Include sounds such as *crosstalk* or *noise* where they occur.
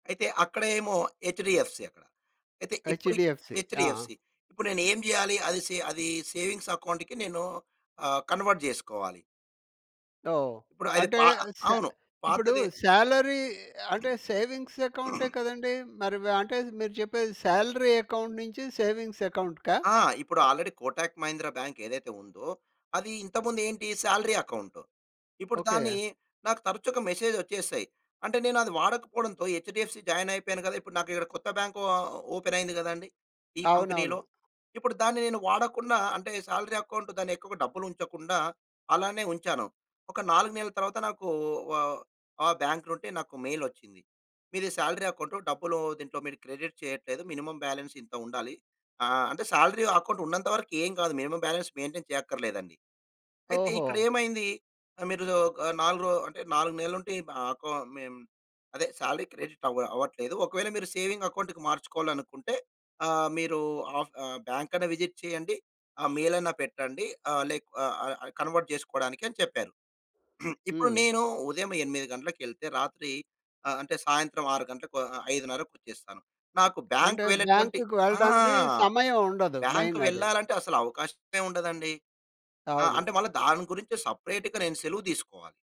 అయితే అక్కడ ఏమో ఎచ్‌డీఎఫ్‌సీ అక్కడ. అయితే ఇప్పుడు ఎచ్‌డీఎఫ్‌సీ. ఆ! ఎచ్‌డీఎఫ్‌సీ, ఇప్పుడు నేనేం చేయాలి? అది సే అది సేవింగ్స్ అకౌంట్‌కి, నేను ఆహ్, కన్వర్ట్ చేసుకోవాలి. ఓహ్! ఇప్పుడు ఆయన అంటే పా సే అవును ఇప్పుడు పాతదే సాలరీ అంటే సేవింగ్స్ అకౌంటే *clears throat* కదండీ! మరి వా అంటే మీరు చెప్పేది సాలరీ అకౌంట్ నుంచి సేవింగ్స్ అకౌంట్‌కా? ఆ! ఇప్పుడు ఆల్‌రెడీ కోటక్ మహీంద్ర బ్యాంక్ ఏదైతే ఉందో, అది ఇంతకుముందు ఏంటి సాలరీ అకౌంట్. ఇప్పుడు దాన్ని ఓకే. నాకు తరచుగా మెసేజ్ వచ్చేసాయి. అంటే నేనది వాడకపోవడంతో హెచ్‌డీఎఫ్‌సీ జాయిన్ అయిపోయాను కదా! ఇప్పుడు నాకిక్కడ కొత్త బ్యాంక్ అకౌంట్ ఆహ్, ఓపెన్ అయింది కదాండి ఈ కంపెనీలో. అవునవును. ఇప్పుడు దాన్ని నేను వాడకుండా అంటే సాలరీ అకౌంట్ దాన్ని ఎక్కువగా డబ్బులు ఉంచకుండా అలానే ఉంచాను. ఒక 4 నెలల తర్వాత నాకు ఆహ్, ఆ బ్యాంక్‌లో ఉంటే నాకు మెయిల్ వచ్చింది. "మీది సాలరీ అకౌంట్. డబ్బులు దీంట్లో మీరు క్రెడిట్ చేయట్లేదు, మినిమమ్ బ్యాలెన్స్ ఇంత ఉండాలి". ఆహ్, అంటే సాలరీ అకౌంట్ ఉన్నంతవరకు ఏమి కాదు. మినిమమ్ బ్యాలెన్స్ మెయింటైన్ చేయక్కర్లేదండి. అయితే ఓహో! ఇక్కడేమైంది? మీరు ఒక 4 రో అంటే 4 నెలలు ఉంటే, ఆహ్, అదే సాలరీ క్రెడిట్ అవ్వ అవ్వట్లేదు. ఒకవేళ మీరు సేవింగ్ అకౌంట్‌కి మార్చుకోవాలనుకుంటే ఆహ్, మీరు ఆఫ్ ఆహ్, బ్యాంక్‌ని విజిట్ చేయండి, ఆ మెయిలన్నా పెట్టండి. ఆ లేక్ ఆహ్, ఆహ్, కన్వర్ట్ చేసుకోవడానికి అని చెప్పారు. *clears throat* ఇప్పుడు హ్మ్. నేను ఉదయం 8 గంటలకెళ్తే, రాత్రి ఆహ్, అంటె సాయంత్రం 6 గంటలకు, ఆహ్, ఆహ్, 5:30కి వచ్చేస్తాను. నాకు బ్యాంక్ అంటే, వెళ్లేటువంటి బ్యాంక్‌కి ఆ! వెళ్ళడానికి సమయం ఉండదు. బ్యాంక్ మెయిన్ అది. వెళ్లాలంటే అసలవకాశమే ఉండదండి. ఆహ్, అవును. అంటే మళ్ళా దాని గురించి సెపరేట్‌గా నేను సెలవు తీసుకోవాలి!